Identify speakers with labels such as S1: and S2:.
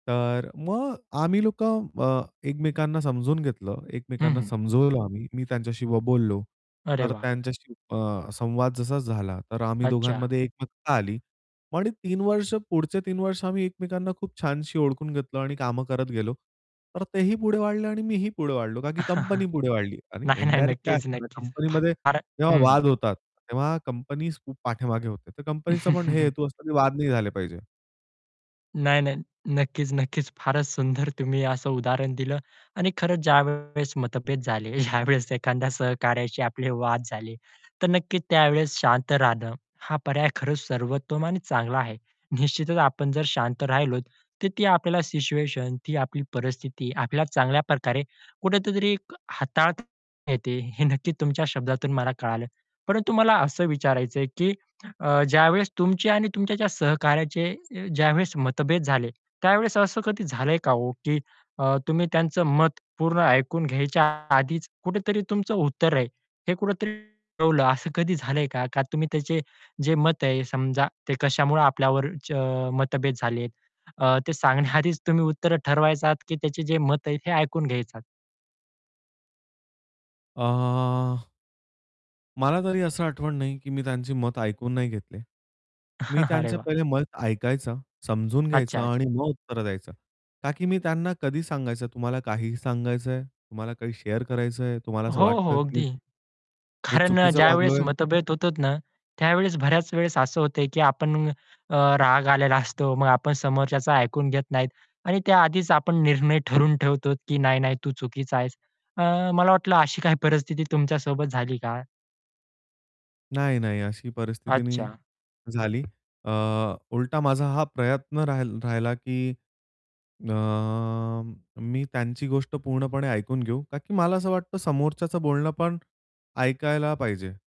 S1: तर मग आम्ही लोक अ, एकमेकांना समजून घेतलं,
S2: हं,
S1: एकमेकांना
S2: हं
S1: समजवलं आम्ही मी त्यांच्याशी ब बोललो.
S2: अरे
S1: तर
S2: वाह!
S1: त्यांच्याशी अ, संवाद जसा झाला, तर आम्ही
S2: अच्छा.
S1: दोघांमध्ये एकमतता आली पण 3 वर्ष पुढचे 3 वर्ष आम्ही एकमेकांना खूप छानशी ओळखून घेतलं आणि कामं करत गेलो. तर तेही पुढे वाढले आणि मीही पुढे वाढलो, का की कंपनी पुढे वाढली. आणि
S2: नाही, नाही.
S1: इनडायरेक्ट काय
S2: नक्कीच,
S1: असतं ना
S2: नक्कीच. फा
S1: कंपनीमध्ये
S2: फार
S1: जेव्हा
S2: हं, हं.
S1: वाद होतात, तेव्हा कंपनीज खूप पाठीमागे होते. तर कंपनीचं पण हे हेतू असतो की वाद नाही झाले पाहिजे.
S2: नाही नाही, नक्कीच, नक्कीच. फारच सुंदर तुम्ही असं उदाहरण दिलं आणि खरंच ज्यावेळेस मतभेद झाले, ज्यावेळेस एखाद्या सहकार्याशी आपले वाद झाले, तर नक्कीच त्यावेळेस शांत राहणं, हा पर्याय खरच सर्वोत्तम आणि चांगला आहे. निश्चितच आपण जर शांत राहिलो, तर ती आपल्याला सिच्युएशन, ती आपली परिस्थिती आपल्याला चांगल्या प्रकारे कुठतरी एक अ, हाताळता येते, हे नक्की तुमच्या शब्दातून मला कळालं. परंतु मला असं विचारायचंय, की ज्यावेळेस तुमची आणि तुमच्या सहकार्याचे अ, ज्यावेळेस मतभेद झाले, त्यावेळेस असं कधी झालंय का हो, की अ, तुम्ही त्यांचं मत पूर्ण ऐकून घ्यायच्या आधीच कुठेतरी तुमचं उत्तर आहे. हे कुठेतरी ठेवलं, असं कधी झालंय का? का तुम्ही त्याचे जे मत आहे समजा, ते कशामुळे आपल्यावर च अ, मतभेद झाले, अ, ते सांगण्याआधीच तुम्ही उत्तर ठरवायचा की त्याचे जे मत आहे, हे ऐकून घ्यायचा?
S1: अ मला तरी असं आठवण नाही की मी त्यांचे मत ऐकून नाही घेतले. मी
S2: अरे
S1: त्यांचं
S2: वाह!
S1: पहिले मत ऐकायचं, समजून घ्यायचं
S2: अच्छा-अच्छा.
S1: आणि मग उत्तर द्यायचं. का की मी त्यांना कधी सांगायचं तुम्हाला काहीही सांगायचंय, तुम्हाला काही शेअर करायचंय, तुम्हाला असं
S2: हो हो,
S1: वाटतं की मी
S2: अगदी.
S1: चुकी मी
S2: कारण अ,
S1: चुकीचं
S2: ज्यावेळेस
S1: वागलोय?
S2: मतभेद होतोत ना, त्यावेळेस बऱ्याच वेळेस असं होत, की आपण अ, राग आलेला असतो. मग आपण समोरच्याचं ऐकून घेत नाहीत आणि त्या आधीच आपण निर्णय ठरवून ठेवतो, की "नाही नाही तू चुकीचा आहेस." अ, मला वाटलं अशी काही परिस्थिती तुमच्यासोबत झाली का?
S1: नाही, नाही. अशी परिस्थिती नाही
S2: अच्छा.
S1: झाली. अ, उलटा माझा हा प्रयत्न राहिल राहिला, की अ, मी त्यांची गोष्ट पूर्णपणे ऐकून घेऊ, का की मला असं वाटतं, समोरच्याचं बोलणं ऐकायला पाहिजे.